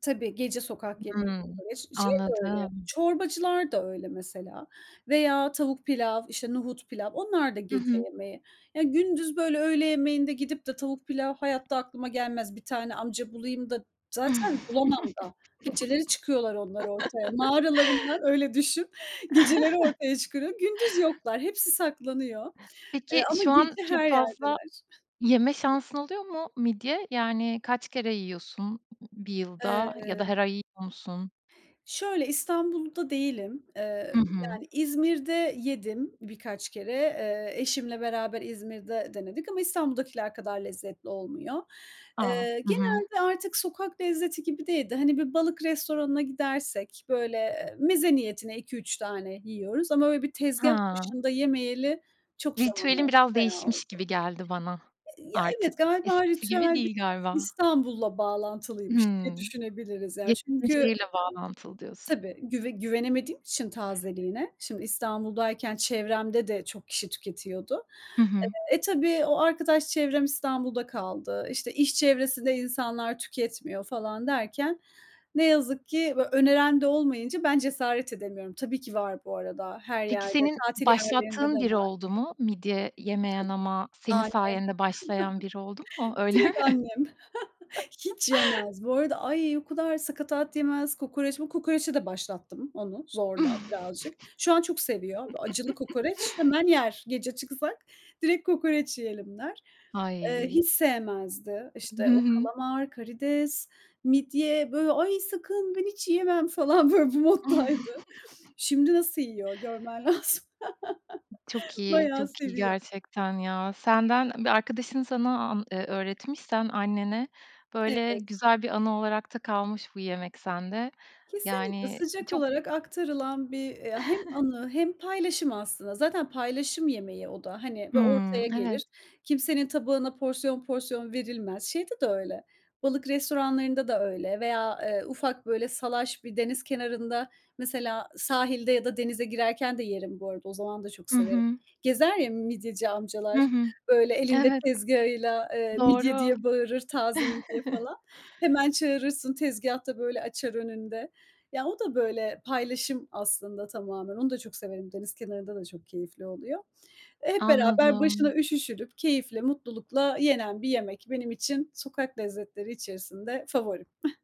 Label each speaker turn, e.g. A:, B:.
A: Tabii, gece sokak yemeği,
B: Hımm,
A: kokoreç. Şey de öyle,
B: anladım.
A: çorbacılar da öyle mesela veya tavuk pilav, işte nohut pilav, onlar da
B: I
A: gece
B: hı.
A: yemeği. Ya gündüz böyle öğle yemeğinde gidip de tavuk pilav hayatta aklıma gelmez. Bir tane amca bulayım da, zaten bulamam da. Geceleri çıkıyorlar onlar ortaya, mağaralarından, öyle düşün. Geceleri ortaya çıkıyor. Gündüz yoklar. Hepsi saklanıyor, eee,
B: Peki,
A: ama
B: şu an
A: gece
B: çok
A: her
B: fazla
A: yerdeler.
B: yeme şansın oluyor mu midye? Yani kaç kere yiyorsun, 1 yılda ya da
A: Eee
B: her ay yiyor musun?
A: Şöyle, İstanbul'da değilim. Eee,
B: Hı hı.
A: yani İzmir'de yedim birkaç kere. Eee, eşimle beraber İzmir'de denedik ama İstanbul'dakiler kadar lezzetli olmuyor.
B: A!
A: Eee,
B: Hı hı.
A: genelde artık sokak lezzeti gibi değil de, hani, bir balık restoranına gidersek, böyle meze niyetine 2-3 tane yiyoruz ama böyle bir tezgâh
B: Ha.
A: başında yemeyeli çok zaman
B: Ritüelin
A: oldu,
B: biraz
A: bayağı
B: değişmiş
A: oldu.
B: gibi geldi bana,
A: Eee, ya
B: artık
A: evet, galiba
B: eskisi gibi
A: ritüel biraz
B: değil galiba.
A: İstanbul'la bağlantılıymış diye
B: Hımm.
A: düşünebiliriz ya.
B: Yaşadığın
A: Çünkü
B: şehirle bağlantılı diyorsun.
A: tabii güve güvenemediğim için tazeliğine. Şimdi İstanbul'dayken çevremde de çok kişi tüketiyordu.
B: Hı hı.
A: Eee, e, tabii o arkadaş çevrem İstanbul'da kaldı. İşte iş çevresinde insanlar tüketmiyor falan derken ne yazık ki, böyle öneren de olmayınca ben cesaret edemiyorum. Tabii ki var bu arada her
B: Peki
A: yerde.
B: senin
A: Tatil yerlerinde de
B: başlattığın biri
A: var.
B: oldu mu? Midye
A: Tabii.
B: yemeyen ama senin
A: Annem.
B: sayende başlayan biri oldu mu? Öyle mi?
A: Direkt annem. Hiç yemez. Bu arada ay o kadar sakatat yemez, kokoreç bu kokoreçe de başlattım, onu zorla, birazcık. Şu an çok seviyor. Böyle acılı kokoreç, hemen yer. Gece çıksak direkt kokoreç yiyelim der. Eee,
B: Ay!
A: hiç sevmezdi.
B: Hı
A: İşte o
B: hı.
A: kalamar, karides, midye, böyle ay sakın, ben hiç yiyemem falan böyle bu moddaydı. Şimdi nasıl yiyor görmen lazım.
B: B çok iyi,
A: Bayağı
B: çok iyi
A: seviyor.
B: gerçekten ya. Senden bir arkadaşın sana an eee, öğretmiş sen annene, böyle
A: Evet.
B: güzel bir anı olarak da kalmış bu yemek sende.
A: Kesinlikle,
B: Yani
A: sıcak
B: çok
A: olarak aktarılan bir, eee, hem anı hem paylaşım aslında. Zaten paylaşım yemeği o da, hani, böy
B: Hımm,
A: ortaya
B: evet.
A: gelir. Kimsenin tabağına porsiyon porsiyon verilmez. Şeyde de öyle, balık restoranlarında da öyle veya, eee, ufak böyle, salaş bir deniz kenarında. Mesela sahilde ya da denize girerken de yerim bu arada. O zaman da çok
B: I
A: severim.
B: hı.
A: Gezer ya midyeci
B: Hı
A: amcalar,
B: hı.
A: böyle elinde
B: Evet,
A: tezgâhıyla, eee, midye
B: Doğru.
A: diye bağırır, taze midye falan. Hemen çağırırsın, tezgâhta böyle, açar önünde. Ya o da böyle paylaşım aslında tamamen. Onu da çok severim. Deniz kenarında da çok keyifli oluyor. E, hep beraber başına
B: Anladım.
A: üşüşülüp keyifle, mutlulukla yenen bir yemek benim için sokak lezzetleri içerisinde favorim.